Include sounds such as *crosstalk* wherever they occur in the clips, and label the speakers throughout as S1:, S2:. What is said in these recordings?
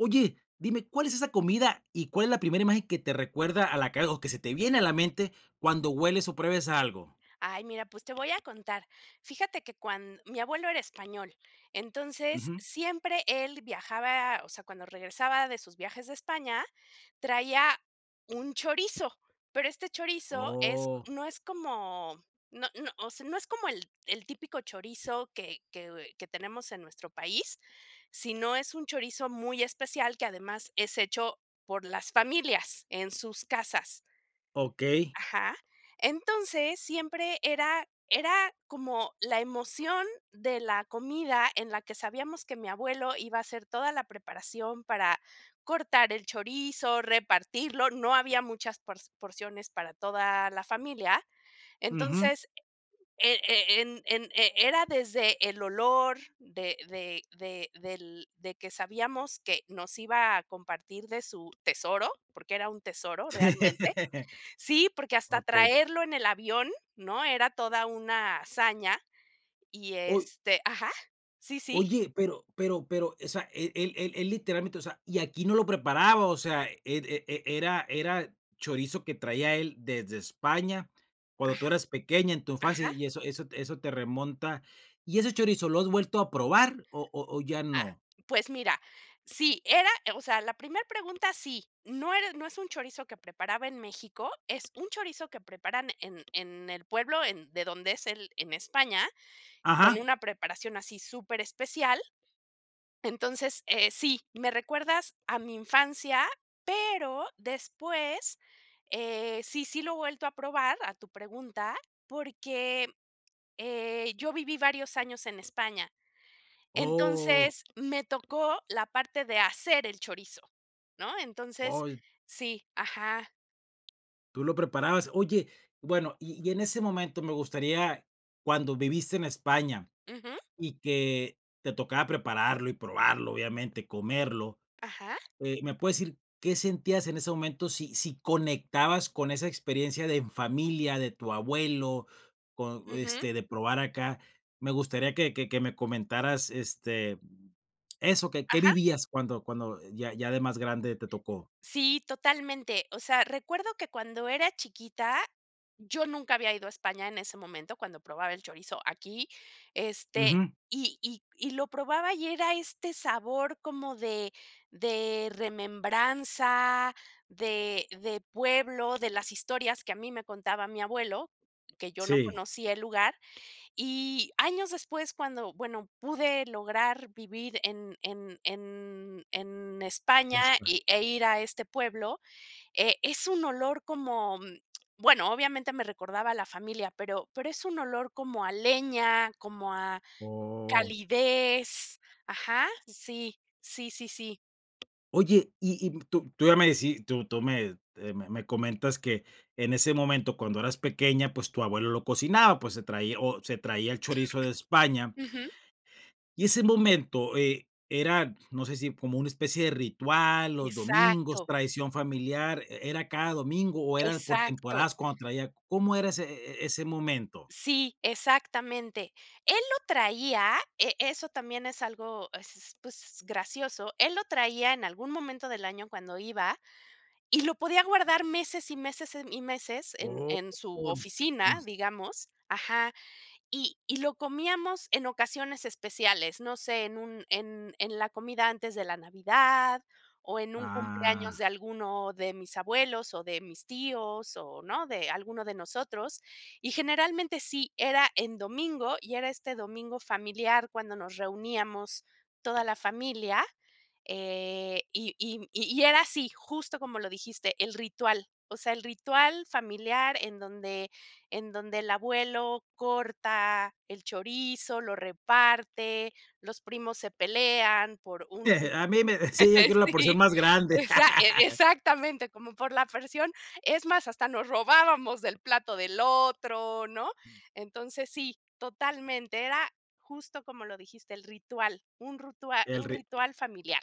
S1: Oye, dime, ¿cuál es esa comida, y cuál es la primera imagen que te recuerda a la que o que se te viene a la mente cuando hueles, o pruebes algo?
S2: Ay, mira, pues te voy a contar. Fíjate que cuan mi abuelo era español, entonces
S1: Ujú.
S2: siempre él viajaba o sea, cuando regresaba de sus viajes de España, traía un chorizo. Pero este chorizo es
S1: Oh.
S2: no es como no no, o sea, no es como el el típico chorizo que que que tenemos en nuestro país, sino es un chorizo muy especial que además es hecho por las familias en sus casas.
S1: Okey.
S2: Ajá. Entonces siempre era era como la emoción de la comida en la que sabíamos que mi abuelo iba a hacer toda la preparación para cortar el chorizo, repartirlo, no había muchas por porciones para toda la familia.
S1: Ujú.
S2: Entonces, eh eh, en, en, eh, era desde el olor de de de del de que sabíamos que nos iba a compartir de su tesoro, porque era un tesoro realmente.
S1: *laughs*
S2: Sí, porque hasta
S1: Okey.
S2: traerlo en el avión, ¿no? Era toda una hazaña, y
S1: Uy.
S2: este Ajá, sí, sí.
S1: Oye, pero pero pero o sea él él él él literalmente o sea, y aquí no lo preparaba, o sea, e e e era era chorizo que traía él desde España
S2: Ah.
S1: cuando tú eras pequeña en tu infancia,
S2: Ajá.
S1: y eso eso eso te remonta ¿y ese chorizo lo has vuelto a probar, o o o ya
S2: Ah,
S1: no?
S2: pues mira, sí era o sea, la primer pregunta sí, no era no es un chorizo que preparaba en México, es un chorizo que preparan en en el pueblo en de donde es él en España, con
S1: Ajá.
S2: una preparación así súper especial, entonces, eh, sí. Me recuerdas a mi infancia, pero después, eh, sí, sí lo he vuelto a probar, a tu pregunta, porque, eh, yo viví varios años en España.
S1: Oh.
S2: Entonces me tocó la parte de hacer el chorizo, ¿no? Entonces
S1: Oh.
S2: sí, ajá
S1: ¿Tú lo preparabas? Oye, bueno, y y en ese momento me gustaría cuando viviste en España,
S2: Ujú.
S1: y que te tocaba prepararlo y probarlo, obviamente, comerlo,
S2: Ajá.
S1: eh, ¿me puedes decir qué sentías en ese momento, si si conectabas con esa experiencia de en familia, de tu abuelo, con
S2: Ujú.
S1: este, de probar acá? Me gustaría que que que me comentaras, este, eso que, ¿qué
S2: Ajá.
S1: vivías cuando cuando ya ya de más grande te tocó?
S2: Sí, totalmente. O sea, recuerdo que cuando era chiquita, yo nunca había ido a España en ese momento, cuando probaba el chorizo aquí, este,
S1: Ujú.
S2: y y y lo probaba y era este sabor como de de remembranza, de de pueblo, de las historias que a mí me contaba mi abuelo, que yo no
S1: Sí.
S2: conocía el lugar. Y años después cuando, bueno, pude lograr vivir en en en en España,
S1: Es, pues
S2: y e ir a este pueblo, eh, es un olor como, bueno, obviamente me recordaba a la familia, pero pero es un olor como a leña, como a
S1: Oh.
S2: calidez. Ajá, sí, sí, sí, sí.
S1: Oye, y y tú tú ya me deci tú tú me eh, me me comentas que, en ese momento cuando eras pequeña, pues, tu abuelo lo cocinaba, pues, se traía o se traía el chorizo de
S2: *coughs*
S1: España
S2: Ujú.
S1: y ese momento e era, no sé si como una especie de ritual, los domingos,
S2: Exacto.
S1: tradición familiar, e era cada domingo, o era por
S2: Exacto.
S1: temporadas cuando traía ¿cómo era ese e ese momento?
S2: Sí, exactamente. Él lo traía, e eso también es algo es s pues, gracioso, él lo traía en algún momento del año cuando iba, y lo podía guardar meses y meses en y meses en
S1: Oh
S2: en su oficina,
S1: *unintelligible*
S2: digamos. Ajá, y y lo comíamos en ocasiones especiales, no sé, en un en en la comida antes de la Navidad, o en un cumpleaños
S1: Ah.
S2: de alguno de mis abuelos, o de mis tíos o, ¿no?, de alguno de nosotros, y generalmente, sí, era en domingo, y era este domingo familiar cuando nos reuníamos toda la familia, eh, y y y era así justo como lo dijiste, el ritual, o sea, el ritual familiar en donde en donde el abuelo corta el chorizo, lo reparte, los primos se pelean por un
S1: A mí me, sí, yo quiero
S2: *laughs*
S1: la porción
S2: sí,
S1: más grande.
S2: exac
S1: *laughs*
S2: exactamente, como por la porción, es más, hasta nos robábamos del plato del otro, ¿no?, entonces, sí, totalmente, era justo como lo dijiste, el ritual, un ritual
S1: El
S2: un
S1: ri
S2: ritual familiar.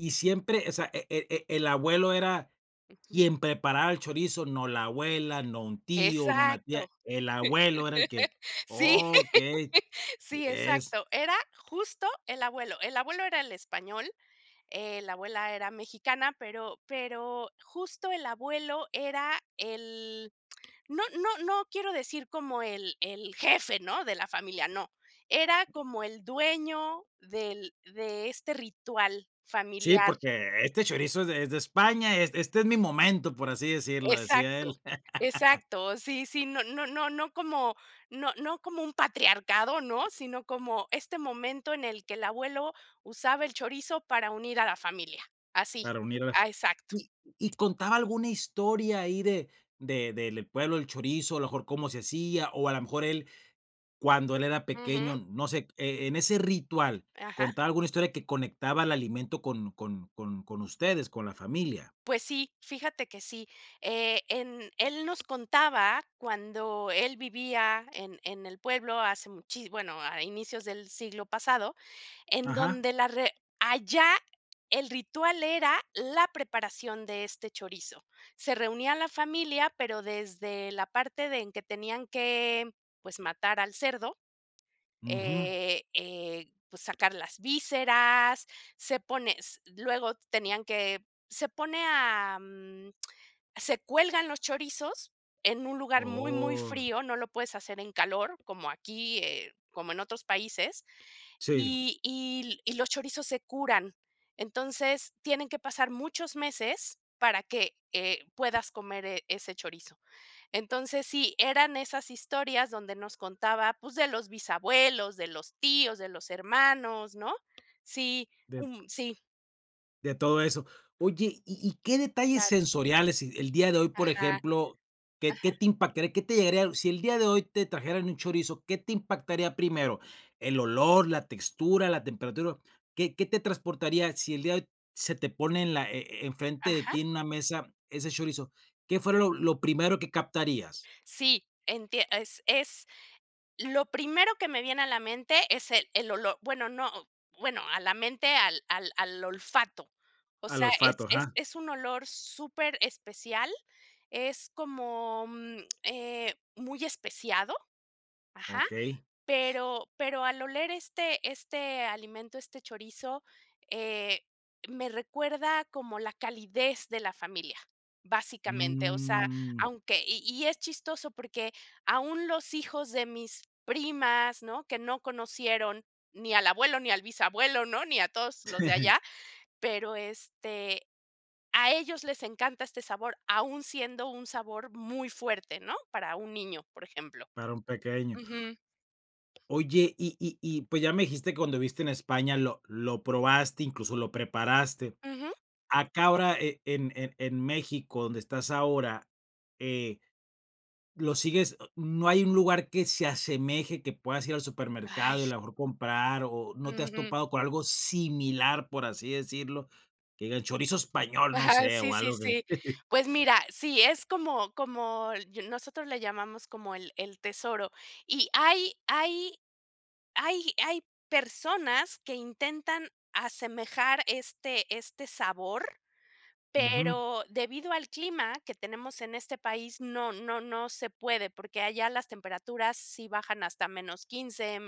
S1: Y siempre, o sea, e e e el abuelo era
S2: Ujú.
S1: quien preparaba el chorizo, no la abuela, no un tío, no una tía,
S2: Exacto.
S1: el abuelo era el que
S2: Sí.
S1: okey,
S2: Sí,
S1: e es
S2: exacto. Era justo el abuelo. El abuelo era el español, eh, la abuela era mexicana, pero pero, justo el abuelo era el no no no quiero decir como el el jefe, ¿no?, de la familia, no. Era como el dueño del de este ritual
S1: Sí,
S2: familiar.
S1: porque: "Este chorizo es es de España, es este es mi momento", por así decirlo, decía
S2: Exacto,
S1: él. *laughs*
S2: exacto, sí, sí, no no no no como, no no como un patriarcado, ¿no?, sino como este momento en el que el abuelo, usaba el chorizo para unir a la familia, así,
S1: Para unirlas,
S2: a exacto.
S1: ¿y y contaba alguna historia ahí de de del pueblo del chorizo?, a lo mejor cómo se hacía, o a lo mejor, él cuando él era pequeño,
S2: Ujú.
S1: no sé, e en ese ritual,
S2: Ajá.
S1: ¿contaba alguna historia que conectaba el alimento con con con con ustedes, con la familia?
S2: Pues sí, fíjate que sí, eh, en él nos contaba cuando él vivía en en el pueblo hace muchí bueno, a inicios del siglo pasado, en
S1: Ajá.
S2: donde la re allá el ritual era la preparación de este chorizo. Se reunía la familia, pero desde la parte de en que tenían que, pues, matar al cerdo,
S1: Ujú.
S2: eh eh, pues, sacar las vísceras, se pone, s luego tenían que, se pone a mm, se cuelgan los chorizos, en un lugar muy, muy
S1: ¡Oh!
S2: frío, no lo puedes hacer en calor, como aquí, eh, como en otros países,
S1: Sí.
S2: y y l y los chorizos se curan. Entonces, tienen que pasar muchos meses para que, eh, puedas comer, eh, ese chorizo. Entonces, sí, eran esas historias donde nos contaba, pues, de los bisabuelos, de los tíos, de los hermanos, ¿no?, sí,
S1: Dep
S2: um, sí.
S1: De todo eso. Oye, ¿y y qué detalles
S2: Claro.
S1: sensoriales el día de hoy, por
S2: Ajá.
S1: ejemplo qué qué
S2: Ajá.
S1: te impactaría qué te llegaría sí el día de hoy te trajeran un chorizo, qué te impactaría primero, el olor, la textura, la temperatura, qué qué te transportaría sí el día de hoy se te pone en la e e enfrente de
S2: Ajá.
S1: ti en una mesa ese chorizo? ¿Qué fue lo lo primero que captarías?
S2: Sí, entie es es lo primero que me viene a la mente es el el olor, bueno, no, bueno, a la mente al al al olfato. O
S1: Al
S2: sea,
S1: olfato,
S2: es es
S1: ajá.
S2: es un olor súper especial, es como, mm, eh, muy especiado, ajá,
S1: Okey.
S2: pero pero al oler este este alimento, este chorizo, eh, me recuerda como la calidez de la familia, básicamente. O sea,
S1: Mm.
S2: aunque y y es chistoso porque aún los hijos de mis primas, ¿no? Que no conocieron ni al abuelo ni al bisabuelo, ¿no? Ni a todos los de
S1: *chuckles*
S2: allá, pero, este, a ellos les encanta este sabor aún siendo un sabor muy fuerte, ¿no? Para un niño, por ejemplo.
S1: Para un pequeño.
S2: Ujú.
S1: Oye, Y y y pues, ya me dijiste cuando viviste en España lo lo probaste, incluso lo preparaste.
S2: Ujú.
S1: Acá ahora en en en México, donde estás ahora, eh, lo sigues a no hay un lugar que se asemeje, que puedas ir al supermercado y a
S2: Ay.
S1: lo mejor comprar, o, no te has
S2: Ujú
S1: topado con algo similar, por así decirlo, que diga, el chorizo español, no
S2: Ajá,
S1: sé,
S2: sí,
S1: o
S2: sí,
S1: algo que.
S2: sí.
S1: *chuckles*
S2: Pues mira, sí, es como como nosotros le llamamos como el el tesoro, y hay hay hay hay personas que intentan asemejar este este sabor,
S1: Ujú.
S2: pero debido al clima que tenemos en este país no no no se puede. Porque allá las temperaturas sí bajan hasta -15,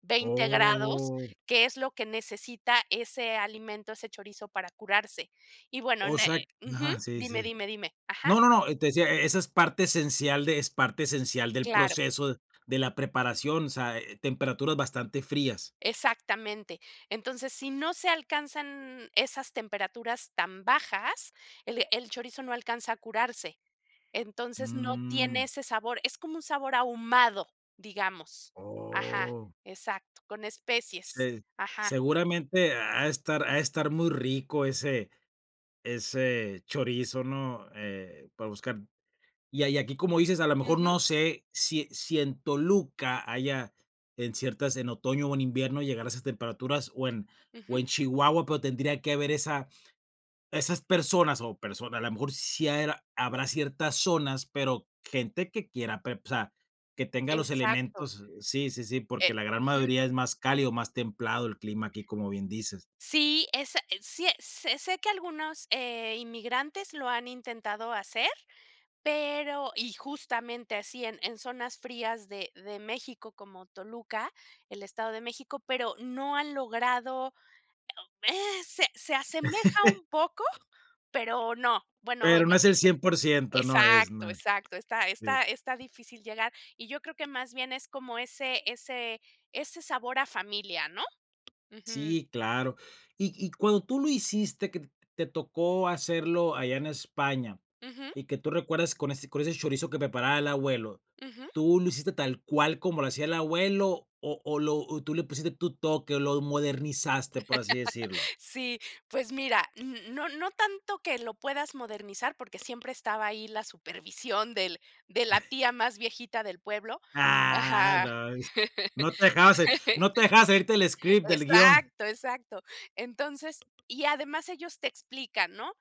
S2: -20 grados
S1: Oh.
S2: que es lo que necesita ese alimento, ese chorizo para curarse. Y bueno, eh
S1: Osea q
S2: ujú,
S1: ajá, sí,
S2: dime,
S1: sí.
S2: dime, dime. Ajá.
S1: No, no, no, te decía, e e esa es parte esencial de es parte esencial del
S2: Claro.
S1: proceso de la preparación, o sea, eh, temperaturas bastante frías.
S2: Exactamente, entonces si no se alcanzan esas temperaturas tan bajas, el el chorizo no alcanza a curarse, entonces no tiene
S1: Mm.
S2: ese sabor, es como un sabor ahumado digamos. Ajá,
S1: Oh.
S2: exacto, con especies.
S1: Se
S2: Ajá.
S1: seguramente ha de estar ha de estar muy rico ese ese chorizo, ¿no? Eh, para buscar y hay aquí como dices, a lo mejor
S2: Ujú.
S1: no sé sí sí en Toluca haya en ciertas en otoño o en invierno llegar a esas temperaturas o en o
S2: Ujú.
S1: en Chihuahua, pero tendría que haber esa esas personas, o, personas a lo mejor sí habrá ciertas zonas, pero gente que quiera prep o sea, que tenga los
S2: Exacto.
S1: elementos, sí, sí, sí,
S2: Eh,
S1: porque la gran
S2: ujú.
S1: mayoría es más cálido, más templado el clima aquí, como bien dices.
S2: Sí, es es sí es es sé que algunos, eh, inmigrantes lo han intentado hacer, pero y justamente así en en zonas frías de de México como Toluca, el Estado de México, pero no han logrado, eh, se se asemeja
S1: *chuckles*
S2: un poco, pero no, bueno,
S1: Pero no
S2: no.
S1: es el 100% no es,
S2: Exacto,
S1: no es,
S2: exacto, está
S1: sí.
S2: está está difícil llegar, y yo creo que más bien es como ese ese ese sabor a familia, ¿no? Ujú.
S1: Sí, claro. Y y cuando tú lo hiciste, que te t tocó hacerlo allá en España,
S2: Ujú.
S1: y que tú recuerdes con ese con ese chorizo que preparaba el abuelo,
S2: Ujú.
S1: ¿tú lo hiciste tal cual como lo hacía el abuelo, o o lo o tú le pusiste tu toque, o, lo modernizaste, por así decirlo?
S2: *laughs* Si, pues mira, no no tanto que lo puedas modernizar, porque siempre estaba ahí la supervisión del de la
S1: *chuckles*
S2: tía más viejita del pueblo.
S1: Ah,
S2: Ajá,
S1: no es no te dejaba sa no te dejaba salirte del
S2: *laughs*
S1: script, del guion.
S2: exacto, exacto, entonces, y además ellos te explican, ¿no?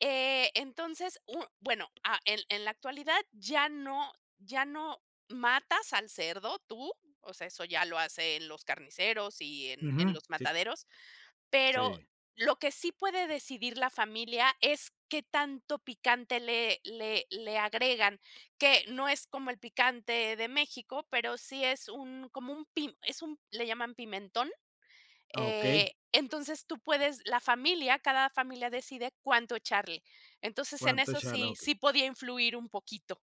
S2: Eh, entonces u mm, bueno, ah, en en la actualidad, ya no ya no matas al cerdo tú, o sea, eso ya lo hacen los carniceros y en en
S1: Ujú,
S2: los
S1: sí.
S2: mataderos, pero
S1: Sí.
S2: lo que sí puede decidir la familia es qué tanto picante le le le agregan, que no es como el picante de México, pero sí es un, como un pim es un, le llaman pimentón.
S1: Ah, okey.
S2: Eh, entonces tú puedes la familia, cada familia decide cuánto echarle. Entonces en
S1: Cuánto
S2: eso
S1: echarle, ah,
S2: sí
S1: okey.
S2: sí podía influir un poquito.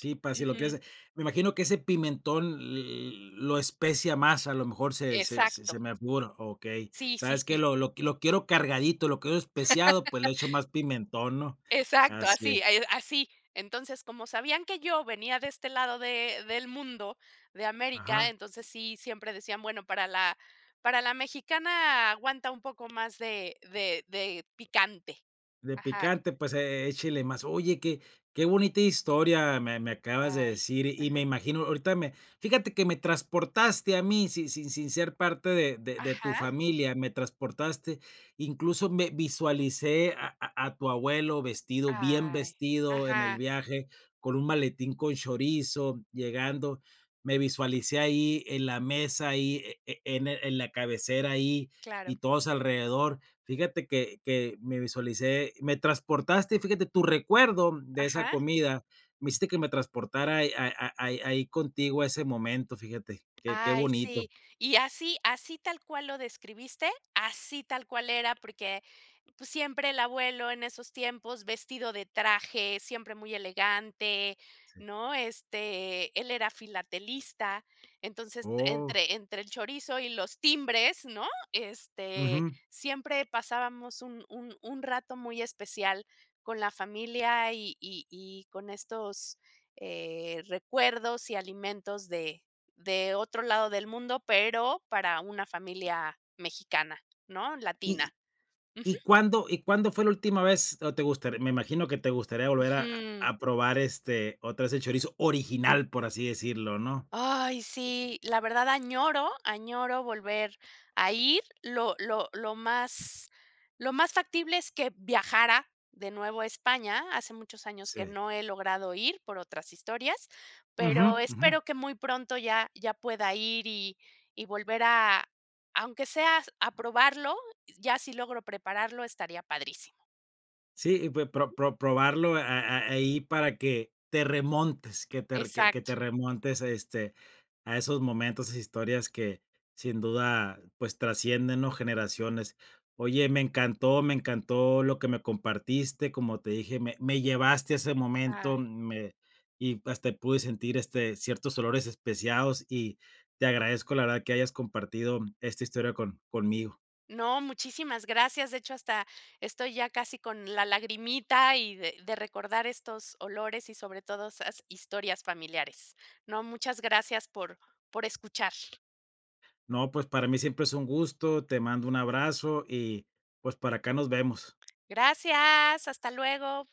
S1: Sí, para si lo
S2: Ujú.
S1: quieres me imagino que ese pimentón l l lo especia más, a lo mejor se se se
S2: Exacto.
S1: me figura, okey,
S2: Sí, sí,
S1: ¿sabes qué?
S2: sí.
S1: Lo lo lo quiero cargadito, lo quiero especiado, pues le echo
S2: *laughs*
S1: más pimentón, ¿no?
S2: Exacto,
S1: Así es.
S2: así, eh, así. Entonces, como sabían que yo venía de este lado de del mundo, de
S1: Ajá.
S2: América, entonces sí, siempre decían: "Bueno, para la para la mexicana aguanta un poco más de de de picante."
S1: De
S2: Ajá.
S1: picante, pues, e échele más. Oye, qué qué bonita historia me me acabas de
S2: Ay,
S1: decir, y me
S2: ajá.
S1: imagino, ahorita me fíjate que me transportaste a mí sin sin sin ser parte de de de tu
S2: Ajá.
S1: familia, me transportaste. Incluso me visualicé a a tu abuelo vestido, bien
S2: Ay,
S1: vestido en el
S2: ajá.
S1: viaje, con un maletín con chorizo llegando. Me visualicé ahí en la mesa ahí, e e en en la cabecera ahí, y
S2: Claro.
S1: todos alrededor, fíjate que que me visualicé me transportaste, fíjate tu recuerdo de esa
S2: Ajá.
S1: comida, me hiciste que me transportara ahí a a ahí ahí contigo a ese momento, fíjate, qué qué
S2: Ay, sí.
S1: bonito.
S2: Y así, así tal cual lo describiste, así tal cual era, porque, pues siempre el abuelo en esos tiempos, vestido de traje, siempre muy elegante,
S1: Sí.
S2: ¿no? Este, él era filatelista, entonces
S1: Oh.
S2: entre entre el chorizo y los timbres, ¿no? Este,
S1: Ujú.
S2: siempre pasábamos un un un rato muy especial con la familia y y y con estos, eh, recuerdos y alimentos de de otro lado del mundo pero para una familia mexicana, ¿no?
S1: ¿Y
S2: Latina, ujú.
S1: y cuándo y cuándo fue la última vez no te gustaría? Me imagino que te gustaría volver a
S2: Ujú.
S1: a probar, este, otra vez el chorizo original, por así decirlo, ¿no?
S2: Ay sí, la verdad añoro, añoro volver a ir, lo lo lo más lo más factible es que viajara de nuevo a España, hace muchos años que
S1: Sí.
S2: no he logrado ir por otras historias,
S1: Ujú,
S2: pero
S1: ujú.
S2: espero que muy pronto ya ya pueda ir y y volver a, aunque sea a probarlo, ya si logro prepararlo estaría padrísimo.
S1: Sí, y pues pro
S2: Ujú.
S1: pro probarlo a a ahí para que te remontes que te que
S2: Exacto.
S1: te remontes, este, a esos momentos, a esas historias que sin duda, pues trascienden, ¿no? Generaciones. Oye, me encantó, me encantó lo que me compartiste, como te dije, me me llevaste a ese momento,
S2: Ay.
S1: me y hasta pude sentir, este, ciertos olores especiados y te agradezco, la verdad, que hayas compartido esta historia con conmigo.
S2: No, muchísimas gracias. De hecho, hasta estoy ya casi con la lagrimita y de de recordar estos olores y sobre todo esas historias familiares. No, muchas gracias por por escuchar.
S1: No, pues para mí siempre es un gusto, te mando un abrazo, y pues para acá nos vemos.
S2: Gracias, hasta luego.